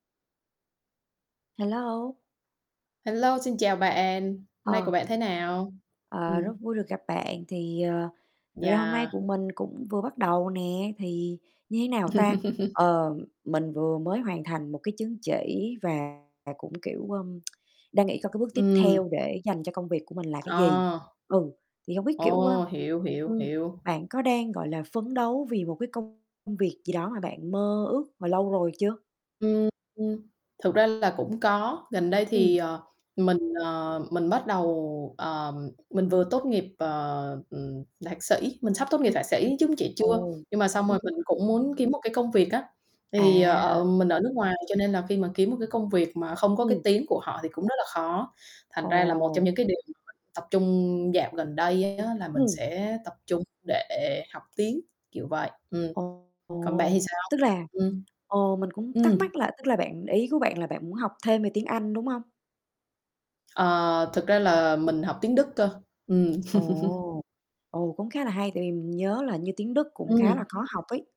Hello. Hello, xin chào bạn, hôm nay Ờ. của bạn thế nào? Ờ, rất Ừm. vui được gặp bạn thì, ờ, thực ra hôm nay của Yeah. mình cũng vừa bắt đầu nè, thì như thế nào ta? Ờ, mình vừa mới hoàn thành một cái chứng chỉ và cũng, kiểu, ơ, đang nghĩ coi cái bước tiếp Ừm. theo để dành cho công việc của mình là cái gì? Ờ. Ừ, thì hông biết, kiểu, ơ, Ồ, hiểu, hiểu, ưm, hiểu. bạn có đang, gọi là, phấn đấu vì một cái công việc gì đó mà bạn mơ ước mà lâu rồi chưa? Ừm, thực ra là cũng có, gần đây thì, Ừm. ờ, mình, ờ, mình bắt đầu, ờ, mình vừa tốt nghiệp, ờ, ừm, thạc sĩ mình sắp tốt nghiệp [unintelligible] thạc sĩ, chứng chỉ chưa. Ồ, Nhưng mà xong ừm. rồi mình cũng muốn kiếm một cái công việc á, thì, À. ờ, mình ở nước ngoài cho nên là khi mà kiếm một cái công việc mà không có cái Ừm. tiếng của họ thì cũng rất là khó, thành ra là một trong Ồ. những cái điều mà mình tập trung dạo gần đây á là mình Ừm. sẽ tập trung để học tiếng, kiểu vậy. Ừm, còn bạn thì Ồ, sao? tức là Ừm, ồ, mình cũng thắc ừm. mắc là tức là bạn ý của bạn là bạn muốn học thêm về tiếng Anh, đúng hông? Ờ, thực ra là mình học tiếng Đức cơ, ừm. Ồ, ồ, cũng khá là hay tại vì mình nhớ là như tiếng Đức cũng khá Ừm. là khó học ấy.